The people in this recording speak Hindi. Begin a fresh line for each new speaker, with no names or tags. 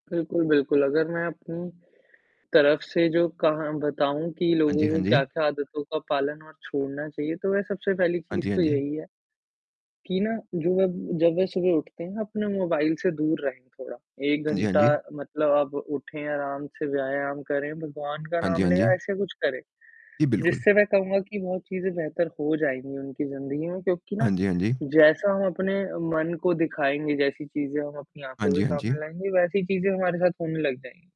बिल्कुल, बिल्कुल, अगर मैं अपनी तरफ से जो कहा बताऊ कि
हाँ जी,
लोगों
हाँ
को
जी।
क्या-क्या आदतों का पालन और छोड़ना चाहिए, तो वह सबसे पहली
हाँ
चीज़
जी, हाँ
तो
जी।
यही है, कि ना जो जब वह सुबह उठते हैं अपने मोबाइल से दूर रहे थोड़ा, 1
हाँ जी, हाँ
घंटा
जी।
मतलब आप उठे आराम से, व्यायाम करें, भगवान का
हाँ जी,
नाम
हाँ
ले
जी।
या ऐसा कुछ करें,
जी, बिल्कुल।
जिससे मैं कहूँगा कि बहुत चीज़ें बेहतर हो जाएँगी उनकी ज़िंदगी में। क्योंकि
हाँ
ना,
जी, हाँ जी।
जैसा हम अपने मन को दिखाएँगे, जैसी चीज़ें हम अपनी
हाँ
आँखों के
जी, हाँ
सामने
जी।
लाएँगे वैसी चीज़ें हमारे साथ होने लग जाएँगी।